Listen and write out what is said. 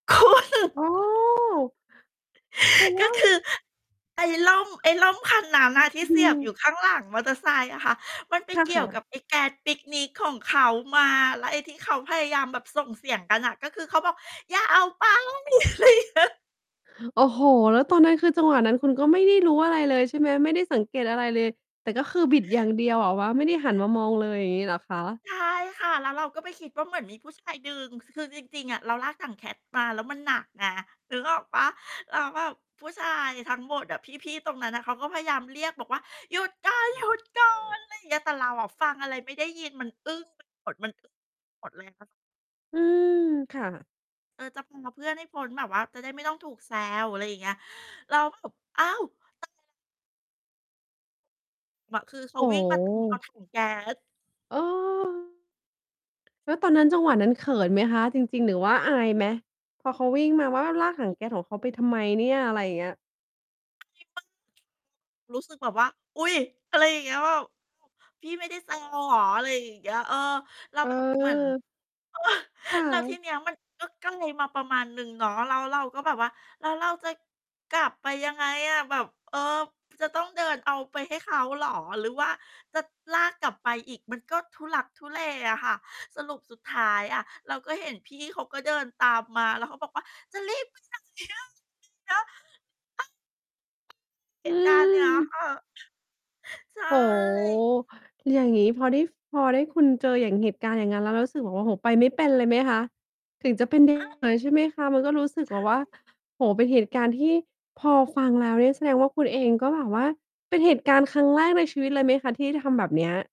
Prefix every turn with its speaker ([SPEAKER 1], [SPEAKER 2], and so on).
[SPEAKER 1] โอ้! เป็น แ
[SPEAKER 2] ก
[SPEAKER 1] ล
[SPEAKER 2] ็
[SPEAKER 1] ้ว
[SPEAKER 2] คือไอ้ร่ม ไอ้ร่มคันนั้นน่ะ ที
[SPEAKER 1] อ
[SPEAKER 2] ่
[SPEAKER 1] ื
[SPEAKER 2] เสีย
[SPEAKER 1] ม
[SPEAKER 2] บอยู่ข้างหลังมอเตอร์ไซค์อะค่ะ มันไป
[SPEAKER 1] ท
[SPEAKER 2] เก
[SPEAKER 1] ค
[SPEAKER 2] ี่ย
[SPEAKER 1] ่
[SPEAKER 2] วกั
[SPEAKER 1] ะ
[SPEAKER 2] บไอ้แก๊สปิกนิกของเขามา แล้วไอ้ที่เขาพยายามแบบส่งเสียงกันน่ะ ก็คือเขาบอก "อย่าเอาไป" อะไรเงี้ย
[SPEAKER 1] โอ้โฮ แล้วตอนนั้นคือจังหวะนั้นคุณก็ไม่ได้รู้อะไรเลย ใช่ไหม ไม่ได้สังเกตอะไรเลย แต่ก็คือบิดอย่างเดียวแบบว่าไม่ได้หันมามองเลย อย่างงี้ เหรอคะ?
[SPEAKER 2] ใช่ค่ะ แล้วเราก็ไปคิดว่าเหมือนมีผู้ชายดึง ค คือจริง ๆ อะเราลากถังแก๊ส มาแล้วมันหนักไงนึกออกเปล่า? แล้วแบบผู้ชายทั้งหมดอะ พี่ ๆ ตรงนั้นน่ะ เขาก็พยายามเรียกบอกว่า "หยุดก่อน หยุด ก่อน" อะไรอย่างเงี้ย แต่เราอะฟังอะไรไม่ได้ยิน มันอึ้งไปหมด มันอึ้งหมดเลยค่ะ
[SPEAKER 1] อืม ค่ะ
[SPEAKER 2] เออ จะ พา เพื่อนให้พ้นแบบว่าจะได้ไม่ต้องถูกแซว อะไรอย่างเงี้ย เรา ก็แบบ อ้าว [unintelligible] บ คือเข
[SPEAKER 1] โ
[SPEAKER 2] า
[SPEAKER 1] อ้
[SPEAKER 2] วิ่ง
[SPEAKER 1] โ
[SPEAKER 2] มา ตามเอา
[SPEAKER 1] ฮ
[SPEAKER 2] ถัง แก๊ส
[SPEAKER 1] เออ แล้วตอนนั้นจังหวะนั้นเขินไหมคะ? จริง ๆ หรือว่าอายไหม? พอเขาวิ่งมาว่า "ลากถัง
[SPEAKER 2] อึ
[SPEAKER 1] แก๊สของเขาไปทำไมเนี่ย?" อะไรอย่างเงี้ย
[SPEAKER 2] [unintelligible] รู้สึกแบบว่า อุ๊ย! อะไรอย่างเงี้ยแบบ เขาบอก "พี่ไม่ได้ แซว เหรอ?" อะไรอย่างเงี้ย เออ แล้วแบบเหมือน
[SPEAKER 1] เออ ค่
[SPEAKER 2] แล้วท
[SPEAKER 1] ะ
[SPEAKER 2] ีนี้มันก็ไกลมาประมาณหนึ่งเนาะ แล้วเราก็แบบว่าแล้วเราจะกลับไปยังไงอะ? แบบ เออ จะต้องเดินเอาไปให้เขาเหรอ? หรือว่าจะลากกลับไปอีกมันก็ทุลักทุเลอะค่ะ สรุปสุดท้ายอะเราก็เห็นพี่เขาก็เดินตามมาแล้วเขาบอกว่า "จะรีบ ไปไหนอะ?" อย่างเงี้ย เออ เห
[SPEAKER 1] อื
[SPEAKER 2] ตุการณ์เนี่ย
[SPEAKER 1] ม
[SPEAKER 2] ค่ะ ใช
[SPEAKER 1] โอ้โฮ
[SPEAKER 2] ่
[SPEAKER 1] อย่างงี้พอได้ ฟ พอได้ คุณเจอเหตุการณ์อย่างงั้นแล้วเรารู้สึกแบบ โอ้โฮ ไปไม่เป็นเลยไหมคะ? ถึงจะเป็น เด
[SPEAKER 2] อ้าว
[SPEAKER 1] เลย ใช่ไหมคะ มันก็รู้สึก
[SPEAKER 2] ใช
[SPEAKER 1] แบบว่า
[SPEAKER 2] ่
[SPEAKER 1] โอ้โฮ เป็นเหตุการณ์ที่พอฟังแล้วเนี่ยแสดงว่าคุณเอง ก็แบบว่า เป็นเหตุการณ์ครั้งแรกในชีวิตเลยไหมคะ? ที่ทำแบบนี้